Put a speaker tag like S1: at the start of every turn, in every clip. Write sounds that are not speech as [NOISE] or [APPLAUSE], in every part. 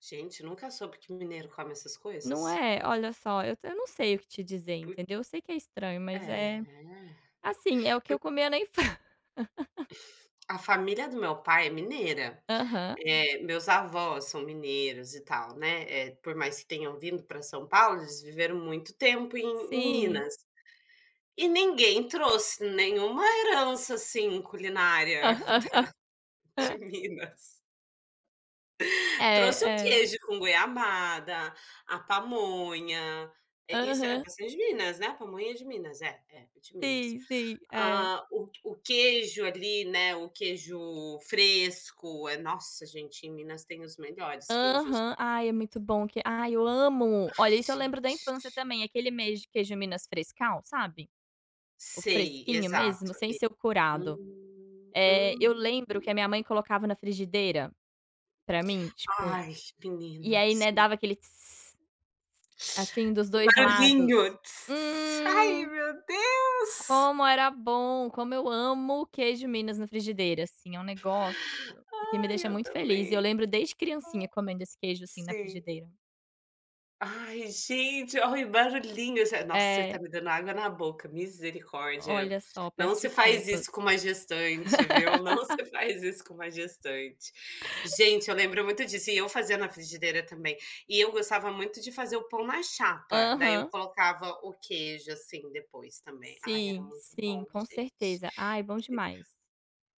S1: Gente, nunca soube que mineiro come essas coisas.
S2: Não é. Olha só, eu tam eu não sei o que te dizer,
S1: Por quê?
S2: entendeu? Eu sei que é estranho mas é
S1: É.
S2: assim é o que
S1: Por
S2: eu comia na infân [LAUGHS]
S1: A família do meu pai é mineira,
S2: Aham.
S1: eh, meus avós são mineiros e tal, né, eh, por mais que tenham vindo para São Paulo eles viveram muito tempo em em
S2: Sim.
S1: Minas. E ninguém trouxe nenhuma herança assim culinária da
S2: [CHUCKLES]
S1: [CHUCKLES] de Minas. Trouxe o
S2: É, é.
S1: queijo com goiabada, a pamonha. Eh, isso é [UNINTELLIGIBLE]
S2: Aham.
S1: de Minas, né? A pamonha é de Minas? É, é, é de Minas.
S2: Sim, sim, é.
S1: Ah, o o queijo ali, né, o queijo fresco, é Nossa, gente, em Minas tem os melhores queijos.
S2: Aham. Ai, é muito bom que ai, eu amo. Olha,
S1: Ai,
S2: isso eu lembro da infância,
S1: gente.
S2: também, aquele mês de queijo minas frescal, sabe? O
S1: Sei,
S2: fresquinho mesmo
S1: exato
S2: sem
S1: ali.
S2: ser curado.
S1: Hum.
S2: Eh, eu
S1: Hum.
S2: lembro que a minha mãe colocava na frigideira, para mim, tipo,
S1: Ai,
S2: e,
S1: menina,
S2: aí ,né,
S1: sim.
S2: dava aquele, assim, dos
S1: O
S2: 2 lados.
S1: barulhinho, Ai,
S2: Hum.
S1: meu Deus.
S2: Como era bom! Como eu amo o queijo minas na frigideira, assim, é um negócio que me
S1: Ai,
S2: deixa
S1: eu
S2: muito feliz e eu
S1: também.
S2: lembro desde criancinha comendo esse queijo assim na
S1: Sim.
S2: frigideira.
S1: Ai, gente, olha o barulhinho, já Nossa, você está
S2: É.
S1: me dando água na boca, misericórdia.
S2: Olha, só
S1: Não
S2: peço
S1: se faz isso
S2: desculpas.
S1: com uma gestante, viu, não
S2: [LAUGHS]
S1: se faz isso com uma gestante. Gente, eu lembro muito disso e eu fazia na frigideira também, e eu gostava muito de fazer o pão na chapa, daí eu
S2: Aham.
S1: colocava o queijo, assim, depois também. Ai, era
S2: Sim,
S1: muito bom,
S2: sim,
S1: gente,
S2: com
S1: que deli
S2: certeza. Ai, bom demais.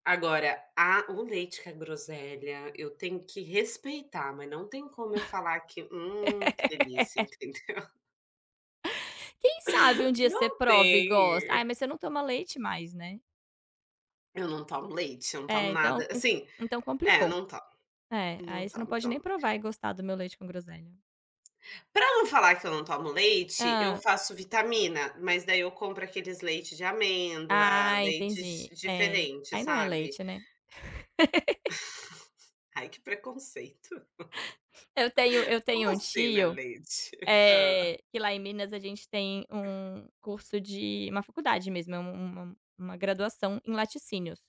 S1: Agora, a o leite com a groselha, eu tenho que respeitar mas não tem como eu falar que: "Hum que delícia!"
S2: [LAUGHS]
S1: Entendeu.
S2: Quem sabe um dia você
S1: Não
S2: prove e gosta.
S1: tem.
S2: Ai, mas você não toma leite mais, né?
S1: Eu não tomo leite, eu não tomo
S2: É
S1: nada
S2: ,então
S1: assim,
S2: então
S1: é
S2: complicou.
S1: não tomo,
S2: É,
S1: não
S2: aí você não
S1: tomo
S2: pode nem
S1: tomo.
S2: provar e gostar do meu leite com groselha.
S1: Para não falar que eu não tomo leite, eu
S2: Hã.
S1: faço vitamina, mas, daí, eu compro aqueles leite de amêndoa,
S2: Ah,
S1: leites
S2: entendi. Eh,
S1: diferente,
S2: aí não é
S1: sabe.
S2: leite, né. [LAUGHS]
S1: [CHUCKLES] Ai, que preconceito. [CHUCKLES]
S2: Eu tenho eu
S1: Como
S2: tenho um
S1: assim, não é
S2: tio,
S1: leite? [CHUCKLES] Hã.
S2: eh, que lá em Minas a gente tem um curso de uma faculdade mesmo é um uma uma graduação em laticínios